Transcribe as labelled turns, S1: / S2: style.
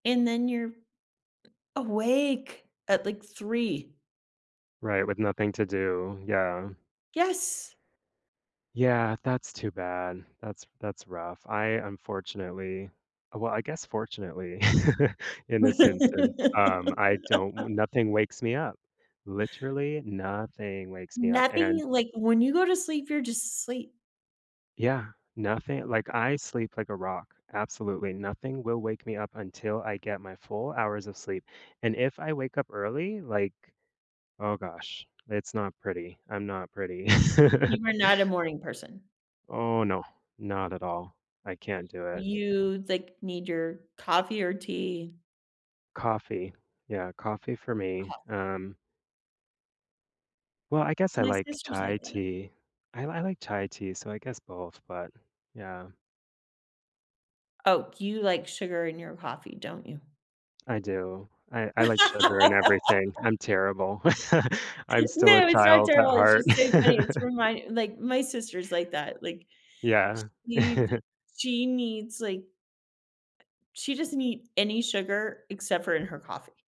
S1: And then you're awake at, like, 3.
S2: Right, with nothing to do. Yeah.
S1: Yes.
S2: Yeah, that's too bad. That's that's rough. I unfortunately uh, well, I guess fortunately, in this instance, um, I don't w nothing wakes me up. Literally, nothing wakes me up,
S1: Nothing?
S2: and
S1: Like, when you go to sleep, you're just asleep.
S2: Yeah, nothing like, I sleep like a rock. Absolutely nothing will wake me up until I get my full hours of sleep, and if I wake up early, like, oh gosh, it's not pretty. I'm not pretty.
S1: You are not a morning person?
S2: Oh, no. Not at all. I can't do it.
S1: You, like, need your coffee or tea?
S2: Coffee. Yeah. Coffee for me.
S1: Cof
S2: Um Well, I guess I
S1: My
S2: like
S1: sister's
S2: chai
S1: like that.
S2: tea. I li I like chai tea, so I guess both, but yeah.
S1: Oh, you like sugar in your coffee, don't you?
S2: I do. I I like sugar in everything. I'm terrible. I'm still a
S1: No, it's not
S2: child at
S1: terrible, it's
S2: heart.
S1: just so funny, it's remind like, my sister's like that. Like,
S2: Yeah.
S1: she'd she needs, like she doesn't eat any sugar except for in her coffee.